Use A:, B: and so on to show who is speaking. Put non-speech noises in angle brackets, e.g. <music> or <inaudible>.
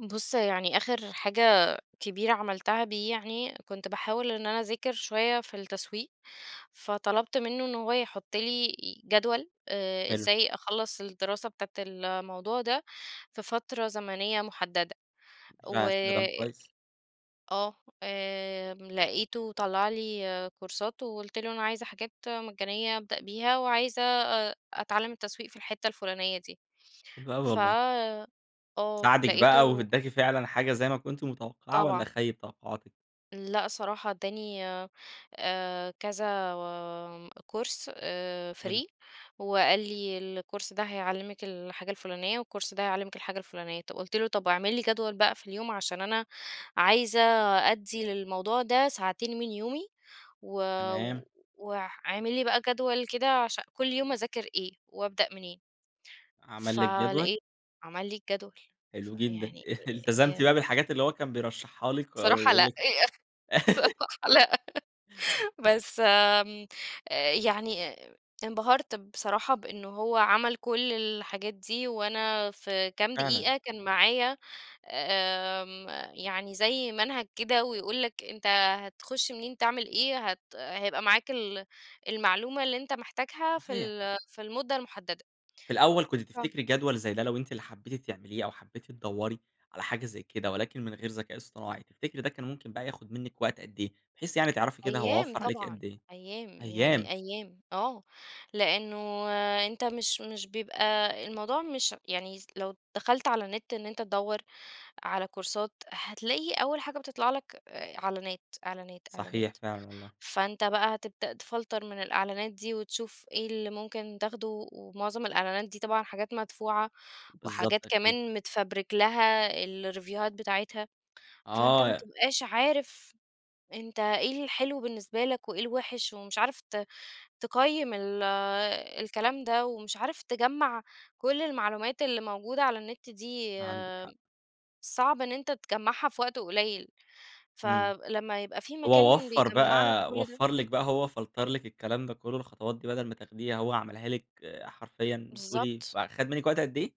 A: بُص يعني آخر حاجة كبيرة عملتها دي يعني، كنت باحاول إن أنا أذاكر شوية في التسويق، فطلبت منه إن هو يحط لي جدول آآ
B: حلو.
A: إزاي أخلّص الدراسة بتاعة الموضوع ده في فترة زمنية محددة، و
B: فعلًا استخدام كويس.
A: آه آمم لقيته طلّع لي كورسات، وقلت له: "أنا عايزة حاجات مجانيّة أبدأ بيها، وعايزة أ أتعلّم التسويق في الحِتة الفُلانيّة دي."
B: حلو أوى
A: ف
B: والله.
A: آه
B: ساعدِك بقى
A: لقيته
B: وادّاكِ فعلًا حاجة زي ما كنتِ متوقعة، والّا
A: طبعًا.
B: خيّب توقعاتِك؟
A: لأ صراحة، ادّاني آآ كذا كورس آآ
B: حلو.
A: free، وقال لي: "الكورس ده هيعلّمِك الحاجة الفُلانيّة، والكورس ده هيعلّمِك الحاجة الفُلانيّة." طب قلت له: "طب واعمل لي جدول بقى في اليوم، عشان أنا عايزة أدّي للموضوع ده ساعتين من يومي و
B: تمام.
A: واع واعمل لي بقى جدول كده عشان كل يوم أذاكر إيه؟ وابدأ منين؟"
B: عمل لِك جدول؟
A: فلقيت عمل لي الجدول،
B: حلو جدًا.
A: فيعني أ
B: <chuckles>
A: أ
B: التزمتِ
A: يا
B: بقى بالحاجات اللي هو كان بيرشحها لِك؟ أ
A: صراحة
B: ويقول
A: لأ،
B: لِك
A: يا أخ
B: <giggles>
A: صراحة لأ، <laughs> بس آمم آآ يعني ا انبهَرت بصراحة بإن هو عَمل كل الحاجات دي، وأنا في كام
B: فعلًا.
A: دقيقة كان معايا، آمم، يعني زي منهج كده ويقول لك، أنت هتخش منين تعمل إيه هت هيبقى معاك ال المعلومة اللي أنت محتاجها في
B: صحيح.
A: ال في المدة المُحددة.
B: في الأول كنتِ
A: آه.
B: تفتكري جدول زي ده لو أنتِ اللي حبيتِ تعمليه، أو حبيتِ تدوّري على حاجة زي كده ولكن من غير ذكاء اصطناعي، تفتكري ده كان ممكن بقى ياخُد منِّك وقت قد إيه؟ بحيث يعني تعرفي كده هو
A: أيام
B: وفّر عليكِ
A: طبعًا،
B: قد إيه؟
A: أيام
B: أيام!
A: يعني أيام آه، لإنه أنت مش مش بيبقى الموضوع مش يعني يس لو دخلت على النت إن أنت تدوّر على كورسات هتلاقي أول حاجة بتطلع لك، إ إعلانات، إعلانات،
B: صحيح
A: إعلانات،
B: فعلًا والله.
A: فأنت بقى هتبدأ تفلتَر من الإعلانات دي وتشوف إيه اللي ممكن تاخده، ومعظم الإعلانات دي طبعًا حاجات مدفوعة،
B: بالضبط
A: وحاجات
B: أكيد.
A: كمان متفَبرِك لها الريفيوهات بتاعتها، فأنت
B: آه
A: ما
B: يا
A: بتبقاش عارف أنت إيه الحلو بالنسبة لك وإيه الوحش. ومش عارف ت تقيّم ال الكلام ده ومش عارف تجمّع كل المعلومات اللي موجودة على النت دي،
B: عندِك حق.
A: صعب إن أنت تجمّعها في وقت قليل،
B: إمم.
A: فلما يبقى في
B: هو
A: مكان
B: وفّر
A: بيجَمع لك
B: بقى
A: كل ده
B: وفّر لِك بقى هو فلتَر لِك الكلام ده كله الخطوات دي بدل ما تاخديها، هو عملها لِك حرفيًا بتقولي
A: بالضبط.
B: فخَد منِّك وقت قد إيه؟